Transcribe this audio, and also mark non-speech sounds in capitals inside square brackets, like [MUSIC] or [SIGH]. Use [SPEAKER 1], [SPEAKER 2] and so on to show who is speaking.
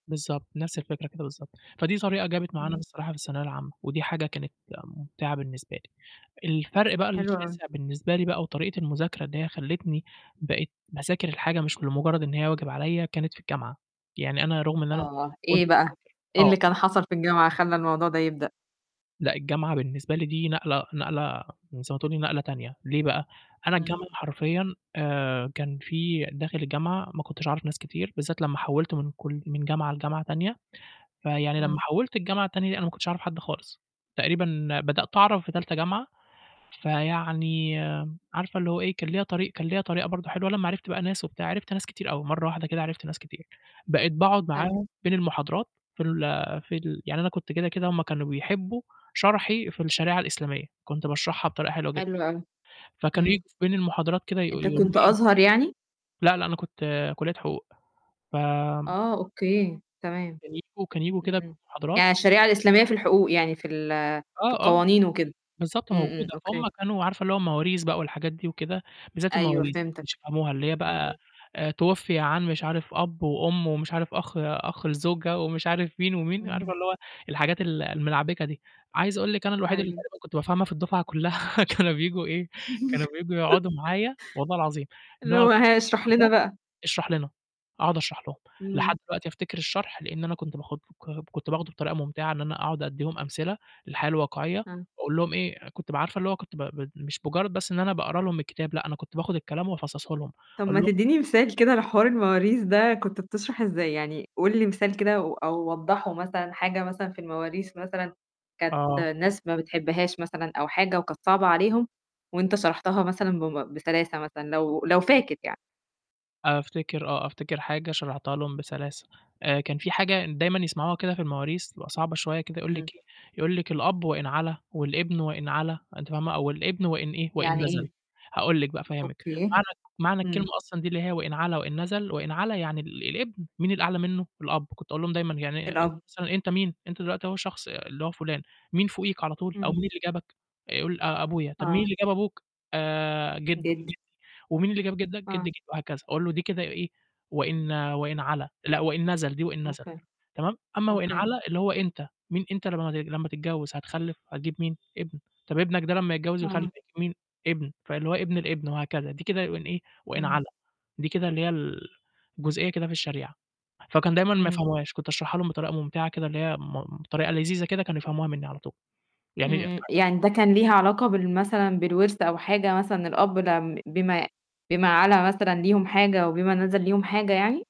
[SPEAKER 1] بالضبط، نفس الفكرة كده بالضبط. فدي طريقة جابت معانا
[SPEAKER 2] امم.
[SPEAKER 1] بصراحة في الثانوية العامة، ودي حاجة كانت مُمْتِعَة بالنسبة لي. الفرق بقى
[SPEAKER 2] حلو أوي.
[SPEAKER 1] الشاسع بالنسبة لي بقى وطريقة المذاكرة اللي هي خلّتني بقيت باذاكر الحاجة مش لمُجرّد إن هي واجب عليَّ كانت في الجامعة، يعني أنا رغم إن أنا
[SPEAKER 2] آه،
[SPEAKER 1] كنت
[SPEAKER 2] إيه بقى؟
[SPEAKER 1] باذاكر
[SPEAKER 2] إيه
[SPEAKER 1] آه.
[SPEAKER 2] اللي كان حصل في الجامعة خلّي الموضوع ده يبدأ؟
[SPEAKER 1] لأ الجامعة بالنسبة لي دي نقلة نقلة زي ما تقولي نقلة تانية، ليه بقى؟ أنا
[SPEAKER 2] امم.
[SPEAKER 1] الجامعة حرفيًا آآ، كان في داخل الجامعة ما كنتش أعرف ناس كتير، بالذات لما حوّلت من كل من جامعة لجامعة تانية، فيعني لما
[SPEAKER 2] امم.
[SPEAKER 1] حوّلت الجامعة التانية أنا ما كنتش أعرف حد خالص. تقريبًا بدأت أعرف في تالتة جامعة، فيعني عارفة اللي هو إيه، كان ليَّ طريق كان ليَّ طريقة برضه حلوة. لما عرفت بقى ناس وبتاع، عرفت ناس كتير أوي، مرّة واحدة كده عرفت ناس كتير. بقيت باقعد
[SPEAKER 2] حلو.
[SPEAKER 1] معاهم بين المحاضرات في ال في ال يعني أنا كنت كده كده هُم كانوا بيحبّوا شرحي في الشريعة الإسلامية، كنت باشرحها بطريقة حلوة جدًا.
[SPEAKER 2] حلو أوي.
[SPEAKER 1] فكانوا يي
[SPEAKER 2] امم.
[SPEAKER 1] بين المحاضرات كده يقو
[SPEAKER 2] أنت
[SPEAKER 1] يقولوا لي
[SPEAKER 2] كنت
[SPEAKER 1] إيه
[SPEAKER 2] أزهر يعني؟
[SPEAKER 1] لا، لأ، أنا كنت كلّية حقوق، فآمم
[SPEAKER 2] آه، أوكي، تمام.
[SPEAKER 1] كانوا ييجوا كانوا ييجوا
[SPEAKER 2] امم،
[SPEAKER 1] كده
[SPEAKER 2] امم.
[SPEAKER 1] المحاضرات
[SPEAKER 2] يعني الشريعة الإسلامية في الحقوق، يعني في ال في
[SPEAKER 1] آه، آه،
[SPEAKER 2] القوانين وكده؟
[SPEAKER 1] بالضبط
[SPEAKER 2] امم، امم،
[SPEAKER 1] موجودة.
[SPEAKER 2] أوكي.
[SPEAKER 1] فهُم كانوا عارفة اللي هو المواريث بقى والحاجات دي وكده؟ بالذات
[SPEAKER 2] أيوه
[SPEAKER 1] المواريث، ما
[SPEAKER 2] فهمتاك.
[SPEAKER 1] كانوش يفهموها. اللي هي
[SPEAKER 2] امم،
[SPEAKER 1] بقى
[SPEAKER 2] امم.
[SPEAKER 1] تُوُفِّيَ عن مش عارف أَبّ، وأُمّ، ومش عارف أَخ أَخ الزوجة، ومش عارف مين ومين، عارفة
[SPEAKER 2] امم.
[SPEAKER 1] اللي هو الحاجات ال الملعبِكة دي. عايز أقول لِك أنا الوحيد اللي
[SPEAKER 2] أيوه.
[SPEAKER 1] تقريبًا كنت بافهمها في الدُفعة كلّها، كانوا بييجوا إيه، كانوا بييجوا
[SPEAKER 2] [CHUCKLES]
[SPEAKER 1] يقعدوا معايا، والله العظيم،
[SPEAKER 2] اللي
[SPEAKER 1] نقعد
[SPEAKER 2] هو ها؟ اشرح لنا
[SPEAKER 1] [UNINTELLIGIBLE]
[SPEAKER 2] بقى.
[SPEAKER 1] اشرح لنا، أقعد أشرح لهم. لحد
[SPEAKER 2] امم.
[SPEAKER 1] دلوقتي أفتكر الشرح لإن أنا كنت باخد [UNINTELLIGIBLE] كنت باخده بطريقة مُمْتِعَة، إن أنا أقعد أدّيهم أمثلة للحياة الواقعية،
[SPEAKER 2] آه.
[SPEAKER 1] أقول لهم إيه، كنت ب عارفة اللي هو كنت ب ب مش مجرّد بس إن أنا باقرا لهم الكتاب، لأ أنا كنت باخد الكلام وأفصصه لهم،
[SPEAKER 2] طَب
[SPEAKER 1] أقول
[SPEAKER 2] ما
[SPEAKER 1] لهم
[SPEAKER 2] تدّيني مثال كده على حوار المواريث ده كنت بتشرح إزاي؟ يعني قُل لي مثال كده و أو وضّحه مثلًا، حاجة مثلًا في المواريث مثلًا كانت
[SPEAKER 1] آه.
[SPEAKER 2] الناس ما بتحبهاش مثلًا أو حاجة، وكانت صعبة عليهم، وأنت شرحتها مثلًا بم بسلاسة مثلًا، لو لو فاكر يعني.
[SPEAKER 1] أفتكر آه، أفتكر حاجة شرحتها لهم بسلاسة، آآ، كان في حاجة ن دايمًا يسمعوها كده في المواريث بتبقى صعبة شويّة كده يقول
[SPEAKER 2] امم.
[SPEAKER 1] لك إيه، يقول لك: "الأب وإن علا والابن وإن علا." أنتِ فاهمة؟ أو الابن وإن إيه، وإن
[SPEAKER 2] يعني
[SPEAKER 1] نَزَل.
[SPEAKER 2] إيه؟
[SPEAKER 1] هاقول لك بقى أفهّمك،
[SPEAKER 2] أوكي.
[SPEAKER 1] معنى [UNINTELLIGIBLE] معنى الكلمة
[SPEAKER 2] امم.
[SPEAKER 1] أصلًا دي اللي هي وإن علا وإن نَزَل، وإن علا يعني ال الابن، مين الأعلى منه؟ الأب. كنت أقول لهم دايمًا يعني أنت
[SPEAKER 2] الأب.
[SPEAKER 1] مثلًا أنت مين؟ أنت دلوقتي أهو شخص اللي هو فلان، مين فوقيك على طول، أو مين
[SPEAKER 2] امم.
[SPEAKER 1] اللي جابك؟ يقول آآ، أبويا. طَب مين
[SPEAKER 2] آه.
[SPEAKER 1] اللي جاب أبوك؟ آآ، جِدّه جِدّي.
[SPEAKER 2] جدّي.
[SPEAKER 1] ومين اللي جاب جِدّك؟ جدّ
[SPEAKER 2] آه.
[SPEAKER 1] جدّ وهكذا أقول له دي كده إيه، وإن وإن علا لأ وإن نَزَل، دي وإن نَزَل،
[SPEAKER 2] أوكي.
[SPEAKER 1] تمام؟ أما وإن
[SPEAKER 2] أوكي.
[SPEAKER 1] علا اللي هو أنت، مين أنت لما لما تتجوّز، هتخلّف، هتجيب مين؟ ابن، طَب ابنك ده لما يتجوّز ويخلّف
[SPEAKER 2] آه.
[SPEAKER 1] هيجيب مين؟ ابن، فاللي هو ابن الابن وهكذا. دي كده وإن إيه؟ وإن
[SPEAKER 2] امم.
[SPEAKER 1] علا، دي كده اللي هي ال الجزئية كده في الشريعة. فكانوا دايمًا ما
[SPEAKER 2] امم.
[SPEAKER 1] يفهموهاش، كنت أشرحها لهم بطريقة مُمْتِعَة كده اللي هي م بطريقة لذيذة كده كانوا يفهموها مني على طول.
[SPEAKER 2] امم،
[SPEAKER 1] يعني
[SPEAKER 2] امم.
[SPEAKER 1] [UNINTELLIGIBLE]
[SPEAKER 2] يعني ده كان ليها علاقة بال مثلًا بالورث أو حاجة، مثلًا الأب ده امم، بما بما علا مثلًا ليهم حاجة، وبما نَزَل
[SPEAKER 1] امم.
[SPEAKER 2] ليهم حاجة يعني؟